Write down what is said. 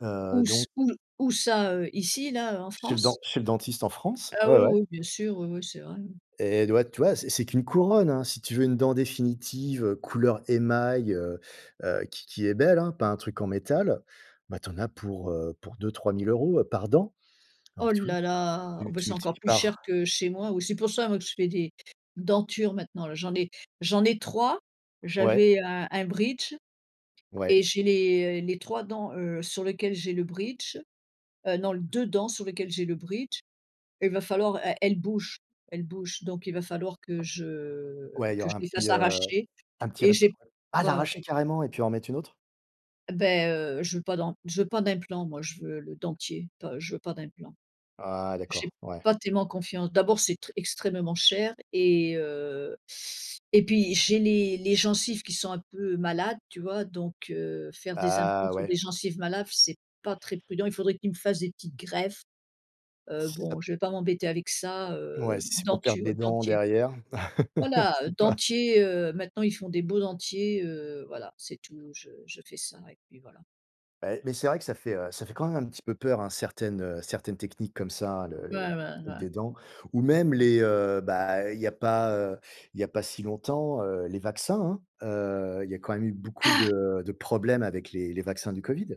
Heu, Où c donc où où ça, heu, ici, là, heu, en Chez le den France? chez le dentiste en France. Ah Ouais, oui, ouais. oui. Bien sûr, oui, oui. C'est vrai, hein. Et du vois tu vois? C'est c'est qu'une couronne, hein, si tu veux une dent définitive, heu, couleur émail, heu, heu, qui qui est belle, hein, pas un truc en métal. Bah, tu en as pour, heu, pour 2-3000 euros, heu, par dent. Ouh Alors, tu vois? là là. Oh, Tu bah, tu c'est encore multiplies plus cher par que chez moi ou c'est pour ça moi que je fais des dentures maintenant là. J'en ai j'en ai 3, Ouais. j'avais un un bridge Ouais. et j'ai les les 3 dents, heu, sur lesquelles j'ai le bridge, heu, non l 2 dents sur lesquelles j'ai le bridge, il va falloir elles elles bougent elles bougent donc il va falloir que je Ouais. Il y que aura je un les petit, fasse heu, arracher un petit et reper j'ai Ah ouais, ouais. l'arracher carrément et puis en mettre une autre? Beh, heu, je veux pas d'an je veux pas d'implants moi je veux le dentier. Enfin je veux pas d'implants. Ah J'ai d'accord, ouais. pas tellement confiance, d'abord c'est très extrêmement cher et, heu, et puis j'ai les les gencives qui sont un peu malades, tu vois? Donc, heu, faire des implants Ah, sur ouais. des gencives malades f c'est pas très prudent. Il faudrait qu'il me fasse des petites greffes. Heu, Si ça p bon je vais pas m'embêter avec ça, Ouais. heu, Si c'est pour perdre denture les dents dentier. derrière. Voilà, heu, C'est pas dentier, heu, maintenant ils font des beaux dentiers, heu, voilà c'est tout je je fais ça et puis voilà. Bah, et mais c'est vrai que ça fait, heu, ça fait quand même un petit peu peur, hein, certaines, heu, certaines techniques comme ça le Ouais, ouais, le des dents. ouais. Ou même les, heu, bah, il y a pas, heu, il y a pas si longtemps, heu, les vaccins, hein. Heu, il y a quand même eu beaucoup Ah. de de problèmes avec les les vaccins du Covid.